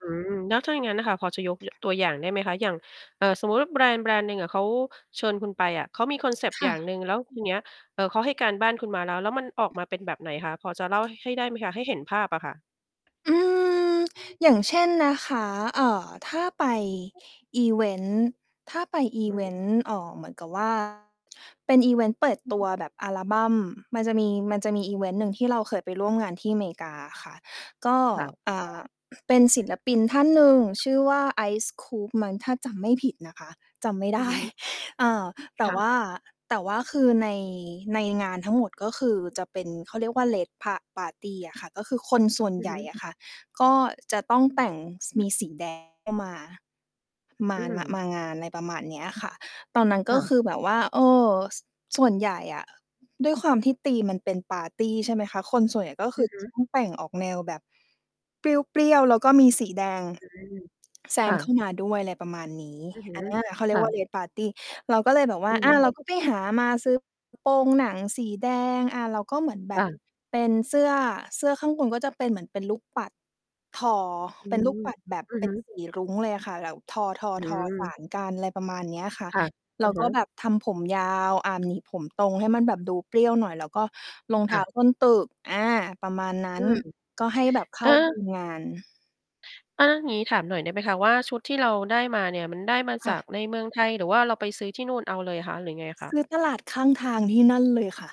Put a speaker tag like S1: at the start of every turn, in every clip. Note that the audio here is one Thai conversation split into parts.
S1: อืม แล้วถ้าอย่างงั้นน่ะค่ะ พอจะยก ย ตัวอย่างได้ไหมคะ? อย่าง เอ่อ สมมุติว่าแบรนด์แบรนด์หนึ่งอะเขาเชิญคุณไปอะ เขามีคอนเซปต
S2: ค
S1: ์อย
S2: ่
S1: ่าง
S2: ะ
S1: หนึ่ง แล้ว ทีเนี้ย เอ่อ เขาให้การบ้านคุณมาแล้ว แล้วมันออกมาเป็นแบบไหนคะ พอจะเล่าให้ ให้ได้ไหมคะ? ให้เห็นภาพอะค่ะ
S2: อือ
S1: อือ
S2: อย่างเช่นนะคะ เอ่อ ถ้าไปอิเวนต์ ถ้าไปอิ
S1: อื
S2: เ
S1: อ
S2: ว
S1: ฮ
S2: น
S1: ึ
S2: ต์ เอ่อ เหมือนกับ ว่า เป็นอิเวนต์เปิด
S1: จร
S2: ตั
S1: ิ
S2: ว
S1: ง ๆ อะ
S2: แบบอัลบัม มันจะมี มันจะมีอิเวนต์หนึ่งที่เราเคยไปร่วมงานที่เมกาอะค่ะ ก็
S1: ค่ะ
S2: อ่
S1: ก็
S2: า เป็นศิลปินท่านหนึ่งชื่อว่า Ice Cube มั้ง ถ้าจำไม่ผิดนะคะ จำ ไม่
S1: อ
S2: ได
S1: ือ
S2: ้
S1: ฮึ
S2: อา แต
S1: ค
S2: ่
S1: ่
S2: ว
S1: ะ
S2: ่า แต่ว่าคือใน ในงานทั้งหมด ก็คือจะเป็นเขาเรียกว่า Red pa Party อะค่ะ ก็คือคนส่วน
S1: อือ
S2: ใหญ
S1: ฮ
S2: ่ อ
S1: ึ
S2: ะค่ะ ก็จะต้อง
S1: อือ
S2: แต่ง ส
S1: อื
S2: ม
S1: อ
S2: ีสี แดง เข้ามา ม
S1: อื
S2: า น ม
S1: ม
S2: างาน อะไรประมาณเนี้ยค่ะ ตอนนั้นก
S1: ค
S2: ็
S1: ่ะ
S2: คือแบบว่า เออ ส ส่วนใหญ่อะ ด้วยความที่ธีมมันเป็นปาร์ตี ใช่ไหมคะ คนส่วนใหญ่ก็ค
S1: อื
S2: ือ
S1: อฮึ
S2: ต้อง แต่งออกแนวแบบ เปรี้ยว ๆ แล้วก็มีสีแดง
S1: อืม
S2: แซ
S1: ค่
S2: ม
S1: ะ
S2: เข้ามาด้วย อะไรประมาณนี้
S1: อือฮึ
S2: อัน เนี้ย เขาเ
S1: ค
S2: รีย
S1: ่
S2: กว่า
S1: ะ
S2: Red Party เราก็เลยแบบว
S1: อ
S2: ่
S1: ื
S2: า
S1: อ
S2: อา เราก็ไปหามา ซื้อ กระ โปรงหนังสีแดง อา เราก็เหมือนแบ
S1: ค่
S2: บ
S1: ะ
S2: เป็นเสื้อ เสื้อข้างบนก็จะเป็นเหมือนเป็นลูกปัด ทอ
S1: อื
S2: เป็นลูก
S1: ม
S2: ปัดแบบ
S1: อือ
S2: เป
S1: ฮ
S2: ็
S1: ึ
S2: น สีรุ้งเลยอะค่ะ แล้วทอ
S1: อื
S2: ๆ ๆ สา
S1: ม
S2: นกัน อะไรประมาณเนี้ยค่ะ
S1: ค่ะ
S2: เ
S1: อ
S2: รา
S1: ะฮ
S2: ก็
S1: ะ
S2: แบบทำผมยาว อา หนีบผมตรงให้มันแบบดูเปรี้ยวหน่อย แล้วก็รองเ
S1: ค
S2: ท้
S1: ่
S2: า
S1: ะ
S2: ส้นตึก อา ประมาณนั
S1: อ
S2: ้
S1: ื
S2: น
S1: ม
S2: ก็ให้แบบเข
S1: เอ
S2: ้
S1: อ
S2: า ธีม งาน
S1: อา งี้ถามหน่อยได้ไหมคะว่า ชุดที่เราได้มาเนี่ยมันได้มา
S2: ค
S1: จ
S2: ่
S1: าก
S2: ะ
S1: ในเมืองไทย หรือว่าเราไปซื้อที่นู่นเอาเลยคะ หรือยังไงอะค
S2: ซ
S1: ะ?
S2: ื้อตลาดข้างทางที่นั่นเลยค่ะ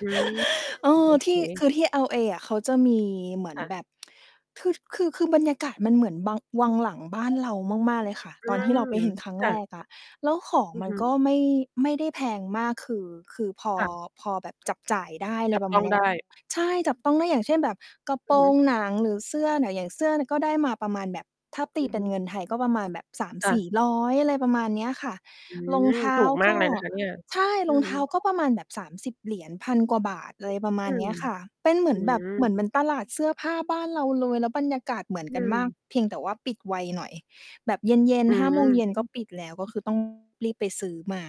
S1: อืม
S2: เอ
S1: โ
S2: อ
S1: อ
S2: ท
S1: เค
S2: ี่ คือที่ LA อะ เขาจะมีเหมือ
S1: ค
S2: น
S1: ่ะ
S2: แบบ คือ คือ คือบรรยากาศมันเหมือนบัง วังหลังบ้านเรามาก ๆ เลยค่ะ
S1: [unintelligible] อื
S2: ตอนที่เราไป
S1: ม
S2: เห็นครั้ง
S1: ค่
S2: แร
S1: ะ
S2: กอะ แล้วของ
S1: อือ
S2: มั
S1: ฮ
S2: นก็
S1: ึ
S2: ไม่ ไม่ได้แพงมากคือ คือพอ
S1: ค่ะ
S2: พอแบบจับจ่ายได้ อะ
S1: จ
S2: ไร
S1: ับ
S2: ประ
S1: ต
S2: ม
S1: ้
S2: า
S1: อ
S2: ณ
S1: ง
S2: เนี้
S1: ได
S2: ย
S1: ้
S2: ใช่จับต้องได้ อย่างเช่น แบบกระโ
S1: อ
S2: ป
S1: ื
S2: ร
S1: อฮึ
S2: งหนังหรือเสื้อเนี่ย อย่างเสื้อเนี่ยก็ได้มาประมาณแบบ ถ้าต
S1: อ
S2: ี
S1: ือ
S2: เป
S1: ฮ
S2: ็
S1: ึ
S2: นเงินไทยก็ประมาณแบบ สาม
S1: ค่
S2: สี
S1: ะ
S2: ่ร้อย อะไรประมาณเนี้ยค่ะ
S1: อื
S2: รอง
S1: ม
S2: เท้
S1: ถ
S2: า
S1: ูกม
S2: ก
S1: าก
S2: ็
S1: เลยนะคะเนี่ย
S2: ใช่
S1: อ
S2: ร
S1: ื
S2: อ
S1: อ
S2: งเ
S1: ฮึ
S2: ท้าก็ประมาณแบบ $30 1,000 กว่าบาท อะไรประม
S1: อ
S2: า
S1: ื
S2: ณเน
S1: ม
S2: ี้ยค่ะ เป็นเหมือ
S1: อื
S2: นแบบ
S1: ม
S2: เหมือน เหมือนตลาดเสื้อผ้าบ้านเราเลย แล้วบรรยากาศเหมือน
S1: อื
S2: กันมาก
S1: ม
S2: เพียงแต่ว่าปิดไวหน่อย แบบเย็น
S1: อื
S2: ๆ 17:00 ก็ป
S1: ม
S2: ิดแล้ว ก็คือ ต้อง รีบไปซื้อมา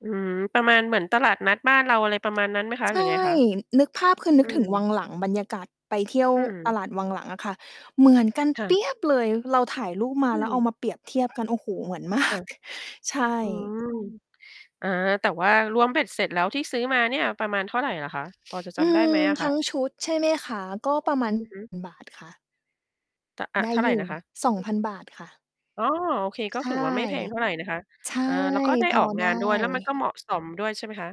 S1: อืม ประมาณเหมือนตลาดนัดบ้านเรา อะไรประมาณนั้นไหมคะ
S2: ใช
S1: หรื
S2: ่
S1: อไงคะ?
S2: นึกภาพ คือ น
S1: อ
S2: ึ
S1: ื
S2: กถึ
S1: ม
S2: งวังหลัง บรรยากาศไปเที่ยว
S1: อื
S2: ตลาดวังห
S1: ม
S2: ลังอะค่ะ เหมือนกัน
S1: ค่
S2: เปี๊ยบ
S1: ะ
S2: เลย เราถ่ายรูปมา
S1: อื
S2: แล้วเอา
S1: ม
S2: มาเปรียบเทียบ กัน โอ้โฮ เหมือน ม
S1: ค
S2: า
S1: ่ะ
S2: ก ใช
S1: อื
S2: ่
S1: ม อา แต่ว่ารวมเบ็ดเสร็จแล้วที่ซื้อมาเนี่ยประมาณเท่าไรเหรอคะ? พอจะจ
S2: อื
S1: ำได้ไหม
S2: ม
S1: อะค
S2: ทั้
S1: ะ?
S2: งชุดใช่ไหมคะ? ก็ประ มาณ
S1: อือฮึ
S2: บาทค่ะ
S1: ต อ่า
S2: ได
S1: เ
S2: ้
S1: ท่าไร
S2: อยู่
S1: นะคะ?
S2: ฿2,000 ค่ะ
S1: อ๋อ โอเค ก็
S2: ใช
S1: ถื
S2: ่
S1: อว่าไม่แพง เท่าไรนะคะ
S2: ใช่
S1: เอ่อ แล้วก็ได้
S2: พอ
S1: ออก
S2: ไ
S1: ง
S2: ด้
S1: านด้วย แล้วมันก็เหมาะสมด้วยใช่ไหมคะ?